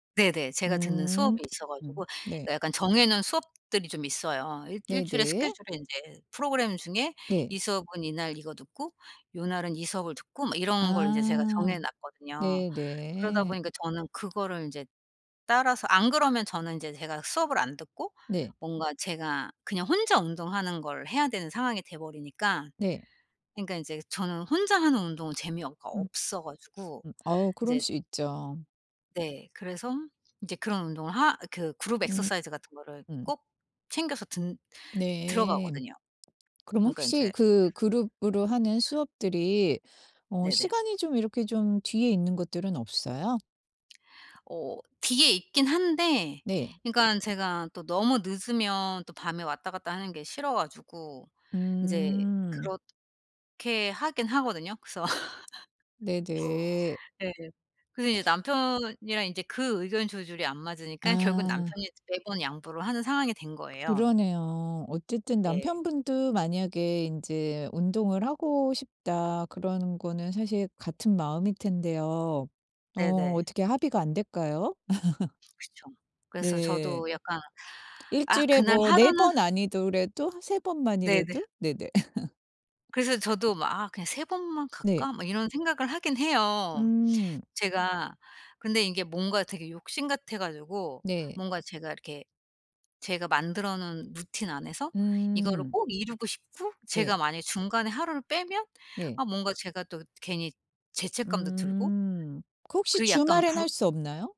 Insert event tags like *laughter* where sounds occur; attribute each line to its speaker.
Speaker 1: 네네. 제가 듣는
Speaker 2: 음
Speaker 1: 수업이 있어 가지고.
Speaker 2: 네.
Speaker 1: 그니까 약간 정해 놓은 수업들이 좀 있어요. 1 1 주일에
Speaker 2: 네네.
Speaker 1: 스케줄에 인제 프로그램 중에
Speaker 2: 네.
Speaker 1: 이 수업은 이날 이거 듣고 요날은 이 수업을 듣고 막 이런 걸 이제 제가
Speaker 2: 아
Speaker 1: 정해 놨거든요. 그러다
Speaker 2: 네네.
Speaker 1: 보니까 저는 그거를 인제 따라서 안 그러면 저는 인제 제가 수업을 안 듣고
Speaker 2: 네.
Speaker 1: 뭔가 제가 그냥 혼자 운동하는 걸 해야 되는 상황이 돼 버리니까.
Speaker 2: 네.
Speaker 1: 그니까 인제 저는 혼자 하는 운동은 재미어 가
Speaker 2: 음.
Speaker 1: 없어 가지고
Speaker 2: 음. 어우 그럴
Speaker 1: 인제
Speaker 2: 수 있죠.
Speaker 1: 네. 그래서 인제 그런 운동을 하 그 Group
Speaker 2: 음
Speaker 1: exercise 같은 거를
Speaker 2: 음.
Speaker 1: 꼭 챙겨서 든
Speaker 2: 네.
Speaker 1: 들어가거든요.
Speaker 2: 그럼
Speaker 1: 그러니까
Speaker 2: 혹시
Speaker 1: 인제
Speaker 2: 그 그룹으로 하는 수업들이 어
Speaker 1: 네네.
Speaker 2: 시간이 좀 이렇게 좀 뒤에 있는 것들은 없어요?
Speaker 1: 어 뒤에 있긴 한데
Speaker 2: 네.
Speaker 1: 그니깐 제가 또 너무 늦으면 또 밤에 왔다갔다하는 게 싫어 가지고 이제
Speaker 2: 음.
Speaker 1: 그렇게 하긴 하거든요. 그래서
Speaker 2: 네네.
Speaker 1: *laughs* 네. 그래서 이제 남편이랑 인제 그 의견 조절이 안 맞으니깐 결국
Speaker 2: 아.
Speaker 1: 남편이 매번 양보를 하는 상황이 된 거예요.
Speaker 2: 그러네요. 어쨌든
Speaker 1: 네.
Speaker 2: 남편 분도 만약에 인제 '운동을 하고 싶다.' 그런 거는 사실 같은 마음일 텐데요. 어
Speaker 1: 네네.
Speaker 2: 어떻게 합의가 안 될까요? *laughs*
Speaker 1: 그쵸. 그래서
Speaker 2: 네.
Speaker 1: 저도 약간
Speaker 2: 1
Speaker 1: '아
Speaker 2: 주일에
Speaker 1: 그날
Speaker 2: 뭐 4
Speaker 1: 하루는'
Speaker 2: 번 아니더라도 한 3 번
Speaker 1: 네네.
Speaker 2: 만이라도. 네네. *laughs*
Speaker 1: 그래서 저도 막 '아 그냥 3 번만
Speaker 2: 네.
Speaker 1: 갈까?' 막 이런 생각을 하긴 해요
Speaker 2: 음.
Speaker 1: 제가. 근데 이게 뭔가 되게 욕심 같아 가지고
Speaker 2: 네.
Speaker 1: 뭔가 제가 이렇게 제가 만들어 놓은 루틴 안에서 이거를
Speaker 2: 음.
Speaker 1: 꼭 이루고 싶고
Speaker 2: 네.
Speaker 1: 제가 만약에 중간에 하루를 빼면
Speaker 2: 네.
Speaker 1: 아 뭔가 제가 또 괜히 죄책감도 들고
Speaker 2: 음. 그 혹시
Speaker 1: 그 약간
Speaker 2: 주말에는 할
Speaker 1: 불
Speaker 2: 수 없나요?